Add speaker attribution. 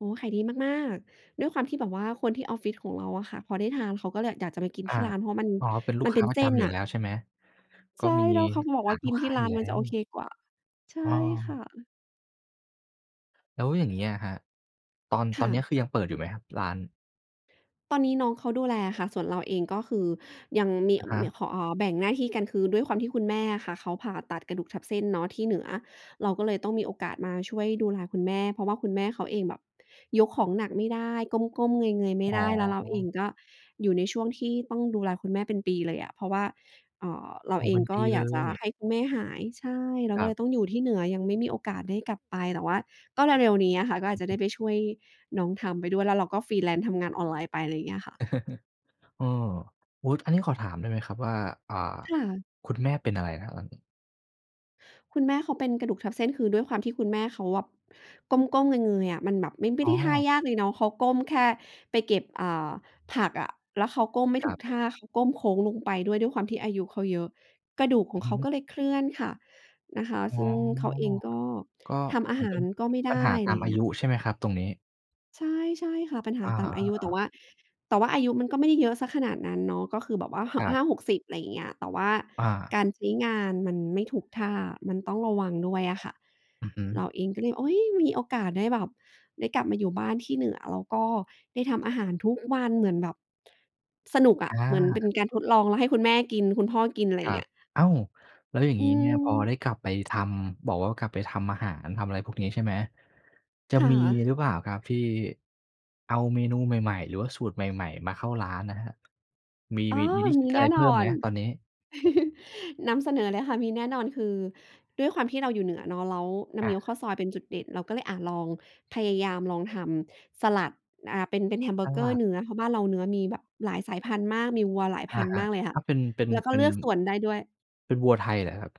Speaker 1: โอ้ ขายดีมาก ๆ ด้วยความที่แบบว่าคนที่ออฟฟิศของเราอะค่ะ พอได้ทานเขาก็เลยแบบอยากจะไปกิน
Speaker 2: อ
Speaker 1: ที่
Speaker 2: า
Speaker 1: ร้านเพราะมัน
Speaker 2: อ๋อ เป็นลู
Speaker 1: ม
Speaker 2: ก
Speaker 1: ัน
Speaker 2: ค
Speaker 1: เ
Speaker 2: ้
Speaker 1: ป็
Speaker 2: า
Speaker 1: น
Speaker 2: ปร
Speaker 1: เส
Speaker 2: ะจ
Speaker 1: ้น
Speaker 2: ำอย
Speaker 1: น
Speaker 2: ู่
Speaker 1: ่ะ
Speaker 2: แล้วใช่ไหม? ก
Speaker 1: ใ
Speaker 2: ็
Speaker 1: ช่
Speaker 2: มี
Speaker 1: แล้วเขาบอก
Speaker 2: ฐ
Speaker 1: ว่า
Speaker 2: าน
Speaker 1: ก
Speaker 2: ล
Speaker 1: ิ
Speaker 2: ู
Speaker 1: น
Speaker 2: กค
Speaker 1: ที
Speaker 2: ้
Speaker 1: ่
Speaker 2: า
Speaker 1: ร
Speaker 2: อ
Speaker 1: ้
Speaker 2: ย
Speaker 1: า
Speaker 2: ู่
Speaker 1: น
Speaker 2: แล
Speaker 1: มัน
Speaker 2: ้
Speaker 1: จะโอเค
Speaker 2: ว
Speaker 1: กว่า ใช่
Speaker 2: อ้
Speaker 1: ค่
Speaker 2: อ
Speaker 1: ะ
Speaker 2: แล้วอย่างนี้อะครับ ตอน
Speaker 1: ค
Speaker 2: ตอ
Speaker 1: ่
Speaker 2: นนี้
Speaker 1: ะ
Speaker 2: คือยังเปิดอยู่ไหมครับร้าน?
Speaker 1: ตอนนี้น้องเขาดูแลอะค่ะ ส่วนเราเองก็คือยังมี
Speaker 2: อะฮ
Speaker 1: ม
Speaker 2: ะ
Speaker 1: ี ข แบ่งหน้าที่กัน คือด้วยความที่คุณแม่อะค่ะ เขาผ่าตัดกระดูกทับเส้นเนาะที่เหนือ เราก็เลยต้องมีโอกาสมาช่วยดูแลคุณแม่ เพราะว่าคุณแม่เขาเองแบบยกของหนักไม่ได้ ก้ม ๆ เงย ๆ ไม
Speaker 2: อ
Speaker 1: ่
Speaker 2: ๋
Speaker 1: ไ
Speaker 2: อ
Speaker 1: ด้ แล้วเราเองก็อยู่ในช่วงที่ต้องดูแลคุณแม่เป็นปีเลยอะ เพราะว่า อ่า เรา
Speaker 2: โอ้
Speaker 1: เ
Speaker 2: โฮ
Speaker 1: อ
Speaker 2: เป
Speaker 1: ง
Speaker 2: ็น
Speaker 1: ก
Speaker 2: ป
Speaker 1: ็
Speaker 2: ี
Speaker 1: อย
Speaker 2: เล
Speaker 1: ากจะ
Speaker 2: ย
Speaker 1: ให้คุณแม่หาย ใช่ เรา
Speaker 2: ค
Speaker 1: ก
Speaker 2: ร
Speaker 1: ็
Speaker 2: ั
Speaker 1: เล
Speaker 2: บ
Speaker 1: ยต้องอยู่ที่เหนือ ยังไม่มีโอกาสได้กลับไป แต่ว่าก็เร็ว ๆ นี้อะค่ะ ก็อา
Speaker 2: อื
Speaker 1: จจ
Speaker 2: อ
Speaker 1: ะไ
Speaker 2: ฮ
Speaker 1: ด้
Speaker 2: ึ
Speaker 1: ไปช่วยน้องทำไปด้วย แล้วเราก็ freelance ทำงานออนไลน์ไป อะไรอย่างเงี้ยอะค่ะ
Speaker 2: เออ อุ๊ย อันนี้ขอถามได้ไหมครับว่า อ่า
Speaker 1: ค่ะ
Speaker 2: คุณแม่เป็นอะไรนะครับหลัง?
Speaker 1: คุณแม่เขาเป็นกระดูกทับเส้น คือด้วยความที่คุณแม่เขาแบบ ก้ม ๆ เงย ๆ อะ มันแบบไม่ ไม
Speaker 2: อ
Speaker 1: ่
Speaker 2: ๋
Speaker 1: ไ
Speaker 2: อ
Speaker 1: ด้ท่ายากเลยเนาะ เขาก้มแค่ไปเก็บ อ่า ผักอะ แล้วเขาก้มไม่
Speaker 2: ค
Speaker 1: ถ
Speaker 2: ร
Speaker 1: ู
Speaker 2: ั
Speaker 1: ก
Speaker 2: บ
Speaker 1: ท่า เขาก้มโค้งลงไป ด้วย ด้วยความที่อายุเขาเยอะ กระดูกของ
Speaker 2: อื
Speaker 1: เข
Speaker 2: อ
Speaker 1: า
Speaker 2: ฮึ
Speaker 1: ก็เลยเคลื่อนค่ะ นะคะ
Speaker 2: อ๋อ
Speaker 1: ซึ่งเขาเองก็
Speaker 2: ก็
Speaker 1: ทำอา
Speaker 2: เหมือ
Speaker 1: ห
Speaker 2: นเ
Speaker 1: า
Speaker 2: ป็น
Speaker 1: รก็ไม่ไ
Speaker 2: ป
Speaker 1: ด้
Speaker 2: ัญหา
Speaker 1: อ
Speaker 2: ต
Speaker 1: ะไ
Speaker 2: า
Speaker 1: รอย
Speaker 2: ม
Speaker 1: ่า
Speaker 2: อ
Speaker 1: ง
Speaker 2: า
Speaker 1: เงี้
Speaker 2: ย
Speaker 1: ย
Speaker 2: ุใช่ไหมครับตรงนี้?
Speaker 1: ใช่ ใช่ค่ะ ปัญหา
Speaker 2: อา
Speaker 1: ตามอายุ แต่
Speaker 2: ๆ ๆ
Speaker 1: ว่า แต่ว่าอายุมันก็ไม่ได้เยอะเสียขนาดนั้นเนาะ ก็คือแบบว่า ห
Speaker 2: ค
Speaker 1: ะ
Speaker 2: รั
Speaker 1: ห
Speaker 2: บ
Speaker 1: ้า 60 อะไรอย่างเงี้ย แต่ว่า
Speaker 2: อ
Speaker 1: ก
Speaker 2: า
Speaker 1: ารใช้งานมันไม่ถูกท่า มันต้องระวังด้วยอะค่ะ
Speaker 2: อือฮึ
Speaker 1: เราเองก็เลย อุ๊ย มีโอกาสได้แบบได้กลับมาอยู่บ้านที่เหนือ แล้วก็ได้ทำอาหารทุกวัน เหมือนแบบ สนุกอะ
Speaker 2: อ
Speaker 1: เหมือนเป็
Speaker 2: า
Speaker 1: นการทดลอง แล้วให้คุณแม่กินคุณพ่อกิน อะไร
Speaker 2: ค
Speaker 1: อย่
Speaker 2: ร
Speaker 1: า
Speaker 2: ั
Speaker 1: งเง
Speaker 2: บ
Speaker 1: ี้ย
Speaker 2: อ้าว! แล้วอย่าง
Speaker 1: อื
Speaker 2: งี้เนี่ย พอ
Speaker 1: ม
Speaker 2: ได้กลับไปทำ บอกว่ากลับไปทำอาหารทำอะไรพวกนี้ ใช่ไหม จะ
Speaker 1: ค่
Speaker 2: มี
Speaker 1: ะ
Speaker 2: หรือเปล่าครับที่ เอาเมนูใหม่ ๆ หรือว่าสูตรใหม่ ๆ มาเข้าร้านนะครับ มี-
Speaker 1: อ้อ
Speaker 2: มี มี
Speaker 1: มี
Speaker 2: อ
Speaker 1: แ
Speaker 2: ะ
Speaker 1: น
Speaker 2: ไ
Speaker 1: ่
Speaker 2: รเพ
Speaker 1: นอ
Speaker 2: ิ่มไหม
Speaker 1: น
Speaker 2: ตอนนี้?
Speaker 1: นำเสนอเลยค่ะ มีแน่นอน คือด้วยความที่เราอยู่เหนือเนาะ แล้วน้ำ
Speaker 2: อ
Speaker 1: เงี้ยว
Speaker 2: า
Speaker 1: ข้าวซอยเป็นจุดเด่น เราก็เลย อะ ลองพยายามลองทำสลัด อ่า เป็น เป็นแฮมเบ
Speaker 2: ส
Speaker 1: อร์เก
Speaker 2: ล
Speaker 1: อร
Speaker 2: ั
Speaker 1: ์
Speaker 2: ด
Speaker 1: เนื้อ เพราะบ้านเราเนื้อมีแบบหลายสายพันธุ์มาก มีวัวหลายพ
Speaker 2: อ
Speaker 1: ั
Speaker 2: า
Speaker 1: นธุ
Speaker 2: ค
Speaker 1: ์
Speaker 2: ร
Speaker 1: ม
Speaker 2: ั
Speaker 1: า
Speaker 2: บ
Speaker 1: กเลยค่
Speaker 2: ถ
Speaker 1: ะ
Speaker 2: ้าเป็น เป็น
Speaker 1: แล้วก็
Speaker 2: เป็
Speaker 1: เลื
Speaker 2: น
Speaker 1: อกส่วนได้ด้วย
Speaker 2: เป็นวัวไทยเหรอครับ?